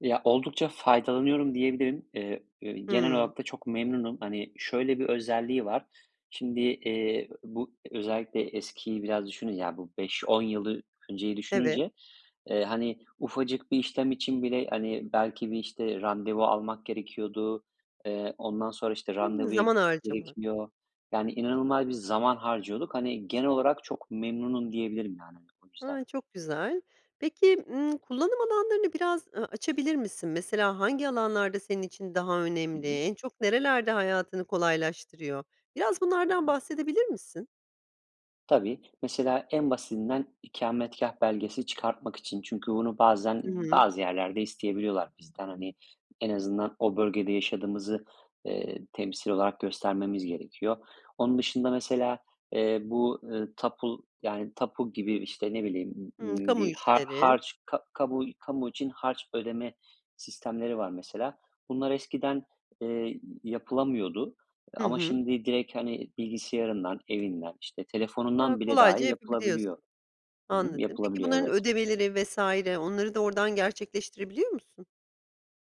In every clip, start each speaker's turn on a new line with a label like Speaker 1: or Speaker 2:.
Speaker 1: Ya, oldukça faydalanıyorum diyebilirim. Eee, eee, genel
Speaker 2: Hımm.
Speaker 1: olarak da çok memnunum. Hani, şöyle bir özelliği var. Şimdi, eee, bu özellikle eskiyi biraz düşünün, ya, bu 5-10 yılı önceyi
Speaker 2: Evet.
Speaker 1: düşününce, eee, hani, ufacık bir işlem için bile, hani, belki bir, işte, randevu almak gerekiyordu. Eee, ondan sonra, işte,
Speaker 2: Hımm,
Speaker 1: randevuya gi
Speaker 2: zaman harcaman.
Speaker 1: gerekiyor yani inanılmaz bir zaman harcıyorduk. Hani, genel olarak çok memnunum diyebilirim, yani, o yüzden.
Speaker 2: A, çok güzel. Peki, ımm, kullanım alanlarını biraz, ııı, açabilir misin? Mesela hangi alanlarda senin için daha
Speaker 1: Hı
Speaker 2: önemli?
Speaker 1: hı.
Speaker 2: En çok nerelerde hayatını kolaylaştırıyor? Biraz
Speaker 1: Hı
Speaker 2: bunlardan
Speaker 1: hı.
Speaker 2: bahsedebilir misin?
Speaker 1: Tabii. Mesela en basitinden ikametgâh belgesi çıkartmak için. Çünkü bunu bazen
Speaker 2: Hıı.
Speaker 1: bazı yerlerde isteyebiliyorlar bizden. Hani, en azından o bölgede yaşadığımızı, eee, temsil olarak göstermemiz gerekiyor. Onun dışında mesela, eee, bu, ııı, tapu yani, tapu gibi, işte, ne bileyim,
Speaker 2: Hımm.
Speaker 1: ımm, ııı,
Speaker 2: Kamu
Speaker 1: bir har
Speaker 2: işleri.
Speaker 1: harç ka kamu kamu için harç ödeme sistemleri var mesela. Bunlar eskiden, eee, y yapılamıyordu
Speaker 2: Hı
Speaker 1: ama
Speaker 2: hı.
Speaker 1: şimdi direkt, hani, bilgisayarından, evinden, işte
Speaker 2: Hıı,
Speaker 1: telefonundan bile
Speaker 2: kolayca
Speaker 1: dahi
Speaker 2: yapabiliyorsun.
Speaker 1: yapılabiliyor. Hı hı.
Speaker 2: Anladım. Peki
Speaker 1: Yapılabiliyor,
Speaker 2: bunların
Speaker 1: evet.
Speaker 2: ödemeleri vs. onları da oradan gerçekleştirebiliyor musun?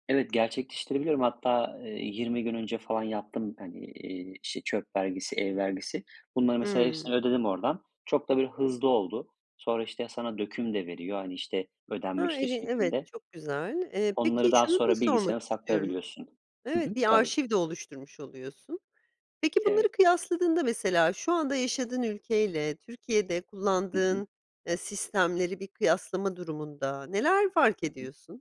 Speaker 1: Evet, gerçekleştirebiliyorum. Hatta, eee, 20 gün önce falan yaptım, hani, eee, işte, çöp vergisi, ev vergisi. Bunları mesela
Speaker 2: Hıı.
Speaker 1: hepsini ödedim oradan. Çok da böyle hızlı oldu. Sonra, işte, sana döküm de veriyor, hani, işte,
Speaker 2: Ha,
Speaker 1: ödenmiştir
Speaker 2: iyi, evet,
Speaker 1: şeklinde.
Speaker 2: çok güzel. Eee, peki
Speaker 1: Onları daha
Speaker 2: şunu da
Speaker 1: sonra
Speaker 2: sormak
Speaker 1: bilgisayarında
Speaker 2: istiyorum
Speaker 1: saklayabiliyorsun. Hı hı.
Speaker 2: Evet, bir
Speaker 1: Tabii.
Speaker 2: arşiv de oluşturmuş oluyorsun. Peki bunları
Speaker 1: Evet.
Speaker 2: kıyasladığında mesela şu anda yaşadığın ülkeyle Türkiye'de
Speaker 1: Hı hı.
Speaker 2: kullandığın, eee, sistemleri bir kıyaslama durumunda neler fark
Speaker 1: Hı hı.
Speaker 2: ediyorsun?